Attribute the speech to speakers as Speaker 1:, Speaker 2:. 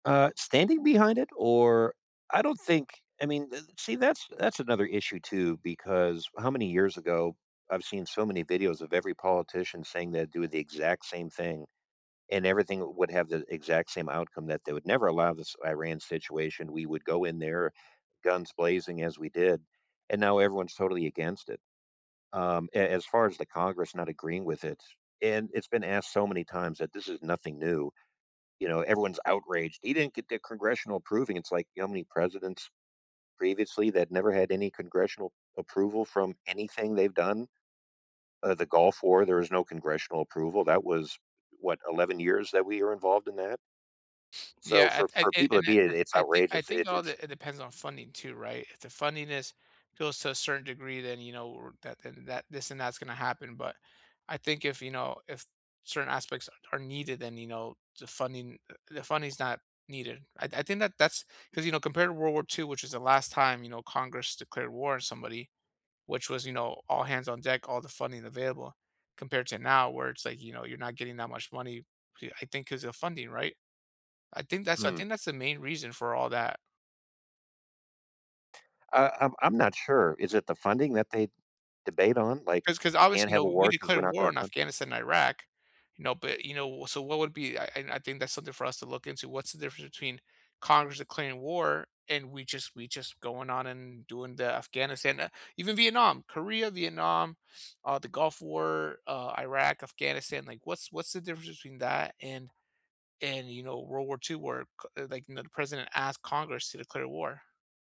Speaker 1: Uh, standing behind it? Or I don't think I mean d see, that's that's another issue too because how many years ago I've seen so many videos of every politician saying they'd do the exact same thing, and everything would have the exact same outcome that they would never allow this Iran situation. We would go in there guns blazing as we did, and now everyone's totally against it. Um, a as far as the Congress not agreeing with it and it's been asked so many times that this is nothing new, you know, everyone's outraged. "He didn't get the congressional approving" It's like, you know how many presidents previously that never had any congressional approval from anything they've done? Uh, the Gulf War, there is no congressional approval. That was, what, 11 years that we were involved in that. So
Speaker 2: Yeah.
Speaker 1: for
Speaker 2: I
Speaker 1: for
Speaker 2: I
Speaker 1: people to
Speaker 2: an
Speaker 1: be in it,
Speaker 2: anc
Speaker 1: it's
Speaker 2: I think I
Speaker 1: outrageous.
Speaker 2: think
Speaker 1: It's
Speaker 2: all
Speaker 1: it's
Speaker 2: that it depends on funding too, right? If the funding is goes to a certain degree, then you know, r that then that that this and that's gonna happen. But, I think if, you know, if certain aspects are are needed, then, you know, the funding uh, the funding is not needed. I I think that that's 'cause, you know, compared to World War II, which is the last time, you know, Congress declared war on somebody, which was, you know, all hands on deck, all the funding available compared to now where it's like, you know, you're not getting that much money. B I think 'cause of funding, right? I think that's I
Speaker 1: Hmm.
Speaker 2: think that's the main reason for all that.
Speaker 1: Uh, I'm I'm not sure. Is it the funding that they debate on? Like,
Speaker 2: 'Cause 'cause
Speaker 1: you
Speaker 2: obvious
Speaker 1: can't
Speaker 2: you know,
Speaker 1: have a
Speaker 2: we
Speaker 1: war 'cause we're
Speaker 2: declared
Speaker 1: not
Speaker 2: war
Speaker 1: gonna
Speaker 2: in
Speaker 1: fun
Speaker 2: Afghanistan, Iraq, you know, but, you know so what would be I and I think that's something for us to look into. What's the difference between Congress declaring war and we just we just going on and doing the Afghanistan ah, even Vietnam, Korea, Vietnam, uh, the Gulf War, uh, Iraq, Afghanistan. Like, what's what's the difference between that and and, you know, World War II where c like, no the president asked Congress to declare war?